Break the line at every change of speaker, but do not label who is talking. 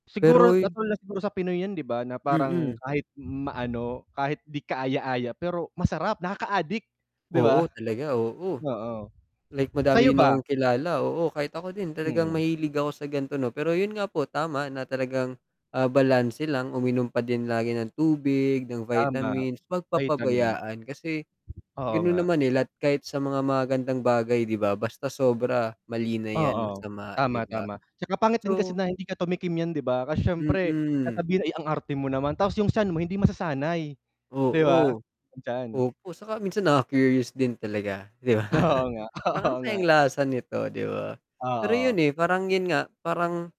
Siguro
Pero y
natural na siguro sa Pinoy yan 'di ba? Na parang
Mm.
kahit maano kahit di kaaya-aya pero masarap, nakaadik, 'di
Oo,
ba?
talaga, oo.
Oo,
Like madami
sa'yo
din
ba?
akong kilala oo, kahit ako din talagang
Mm.
mahilig ako sa gan'to no, pero yun nga po tama na talagang, ah, balanse lang uminom pa din lagi ng tubig, ng
Tama,
vitamins, 'wag
vitamin.
papabayaan, kasi
Oo
ganun
nga.
naman nila at kahit sa mga magagandang bagay 'di ba, basta sobra, mali na yan,
Oo,
masama, 'di
tama,
ba?
tama, 'tsaka pangit din kasi
So
na hindi ka tumikim niyan 'di ba, kasi siyempre
Mm.
sasabihin, "Eh, ang arte mo naman," tapos yung tiyan mo hindi masasanay 'di ba?
Oo,
Ang tiyan.
opo, saka minsan naka-curious din talaga 'di ba?
Oo nga,
Parang,
oo
"Ano
nga.
kayang lasa nito," 'di ba? Pero
Oo.
yun, eh, parang yun nga, parang